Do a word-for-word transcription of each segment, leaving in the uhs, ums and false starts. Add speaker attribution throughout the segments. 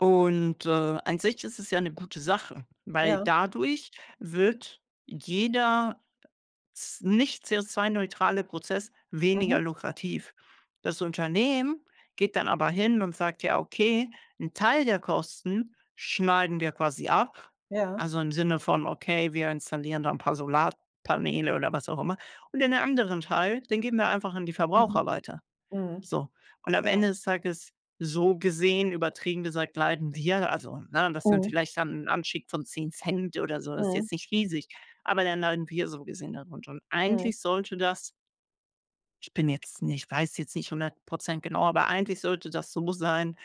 Speaker 1: Und, äh, an sich ist es ja 'ne gute Sache, weil
Speaker 2: Ja.
Speaker 1: dadurch wird jeder z nicht CO₂-neutrale Prozess weniger
Speaker 2: Mhm.
Speaker 1: lukrativ. Das Unternehmen geht dann aber hin und sagt: „Ja, okay, 'n Teil der Kosten schneiden wir quasi ab“,
Speaker 2: Ja.
Speaker 1: also im Sinne von: „Okay, wir installieren da 'n paar Solarpaneele”, oder was auch immer, „und den anderen Teil, den geben wir einfach an die
Speaker 2: Mhm.
Speaker 1: Verbraucher weiter.”
Speaker 2: Mhm.
Speaker 1: So, und am
Speaker 2: Ja.
Speaker 1: Ende des Tages so gesehen, übertrieben gesagt, leiden wir, also, ne, das sind
Speaker 2: Mhm.
Speaker 1: vielleicht dann 'n Anstieg von 10 Cent oder so, das ist
Speaker 2: Mhm.
Speaker 1: jetzt nicht riesig, aber dann leiden wir so gesehen darunter und
Speaker 2: Mhm.
Speaker 1: eigentlich sollte das ich bin jetzt nicht weiß jetzt nicht hundert Prozent genau, aber eigentlich sollte das so sein,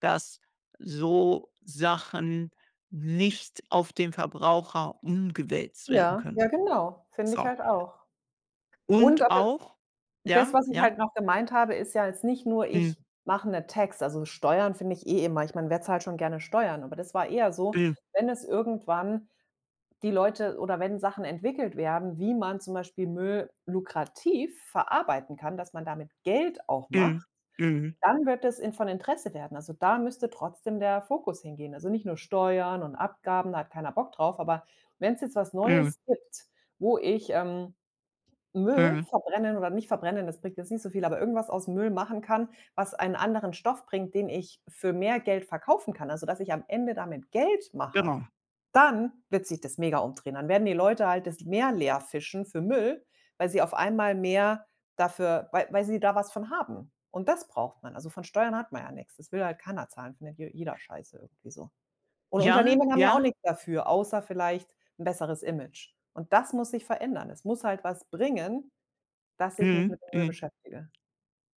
Speaker 1: dass so Sachen nicht auf den Verbraucher umgewälzt werden
Speaker 2: Ja,
Speaker 1: können.
Speaker 2: ja, genau, finde ich
Speaker 1: So.
Speaker 2: halt auch und
Speaker 1: Und
Speaker 2: aber
Speaker 1: auch
Speaker 2: das,
Speaker 1: ja,
Speaker 2: was ich
Speaker 1: ja?
Speaker 2: halt noch gemeint habe, ist ja jetzt nicht nur: „Ich
Speaker 1: Hm.
Speaker 2: mache 'n Tax.“ Also Steuern finde ich eh immer ich meine, wer zahlt schon gerne Steuern, aber das war eher so,
Speaker 1: [unintelligible]
Speaker 2: wenn es irgendwann die Leute oder wenn Sachen entwickelt werden, wie man zum Beispiel Müll lukrativ verarbeiten kann, dass man damit Geld auch
Speaker 1: Mhm,
Speaker 2: macht,
Speaker 1: mhm.
Speaker 2: dann wird das in von Interesse werden. Also da müsste trotzdem der Fokus hingehen. Also nicht nur Steuern und Abgaben, da hat keiner Bock drauf, aber wenn's jetzt was
Speaker 1: Mhm.
Speaker 2: Neues gibt, wo ich, ähm, Müll
Speaker 1: Mhm.
Speaker 2: verbrennen oder nicht verbrennen, das bringt jetzt nicht so viel, aber irgendwas aus Müll machen kann, was einen anderen Stoff bringt, den ich für mehr Geld verkaufen kann, also dass ich am Ende damit Geld mache,
Speaker 1: Genau.
Speaker 2: dann wird sich das mega umdrehen. Dann werden die Leute halt das Meer leerfischen für Müll, weil sie auf einmal mehr dafür wei weil sie da was von haben und das braucht man. Also von Steuern hat man ja nix. Das will halt keiner zahlen, findet je jeder scheiße irgendwie so und
Speaker 1: Ja,
Speaker 2: Unternehmen haben ja auch
Speaker 1: ja.
Speaker 2: nix dafür, außer vielleicht 'n besseres Image, und das muss sich verändern. Es muss halt was bringen, dass ich mich
Speaker 1: Mhm,
Speaker 2: mit Müll
Speaker 1: mhm.
Speaker 2: beschäftige,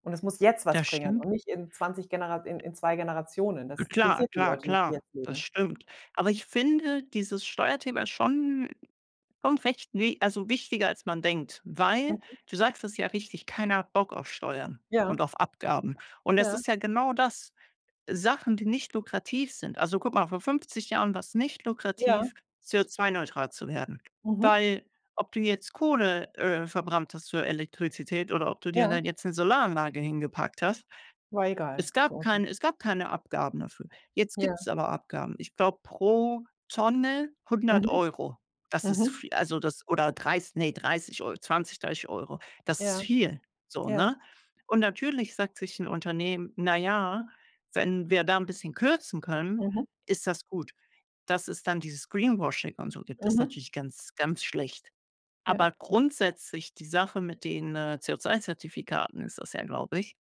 Speaker 2: und es muss jetzt was
Speaker 1: Das
Speaker 2: bringen
Speaker 1: stimmt.
Speaker 2: und nicht in zwanzig Genera in in zwei Generationen. Das
Speaker 1: Klar,
Speaker 2: interessiert die
Speaker 1: klar,
Speaker 2: Leute nicht, die
Speaker 1: klar,
Speaker 2: jetzt
Speaker 1: das
Speaker 2: leben.
Speaker 1: stimmt, aber ich finde dieses Steuerthema schon schon recht ne also wichtiger, als man denkt, weil
Speaker 2: Mhm.
Speaker 1: du sagst es ja richtig: „Keiner hat Bock auf Steuern und
Speaker 2: Ja.
Speaker 1: auf Abgaben”, und es
Speaker 2: Ja.
Speaker 1: ist ja genau das. Sachen, die nicht lukrativ sind also guck mal, vor fünfzig Jahren war's nicht
Speaker 2: Ja.
Speaker 1: lukrativ, CO₂-neutral zu werden,
Speaker 2: Mhm.
Speaker 1: weil ob du jetzt Kohle, äh, verbrannt hast für Elektrizität oder ob du dir
Speaker 2: Ja.
Speaker 1: dann jetzt 'ne Solaranlage hingepackt hast,
Speaker 2: War egal
Speaker 1: es gab
Speaker 2: [unintelligible]
Speaker 1: kein es gab keine Abgaben dafür. Jetzt gibt's
Speaker 2: Ja.
Speaker 1: aber Abgaben. Ich glaube, pro Tonne
Speaker 2: Mhm,
Speaker 1: hundert Euro. Das ist
Speaker 2: mhm.
Speaker 1: vi also das oder dreiß ne, dreißig Eu zwanzig, dreißig Euro. Das ist
Speaker 2: Ja,
Speaker 1: viel so,
Speaker 2: ja.
Speaker 1: ne? Und natürlich sagt sich 'n Unternehmen: „Na ja, wenn wir da 'n bisschen kürzen können,
Speaker 2: Mhm.
Speaker 1: ist das gut.“ Dass es dann dieses Greenwashing und so gibt, ist
Speaker 2: Mhm.
Speaker 1: natürlich ganz, ganz schlecht.
Speaker 2: Ja,
Speaker 1: Aber
Speaker 2: ja.
Speaker 1: grundsätzlich die Sache mit den, äh, CO₂-Zertifikaten ist das ja, glaube ich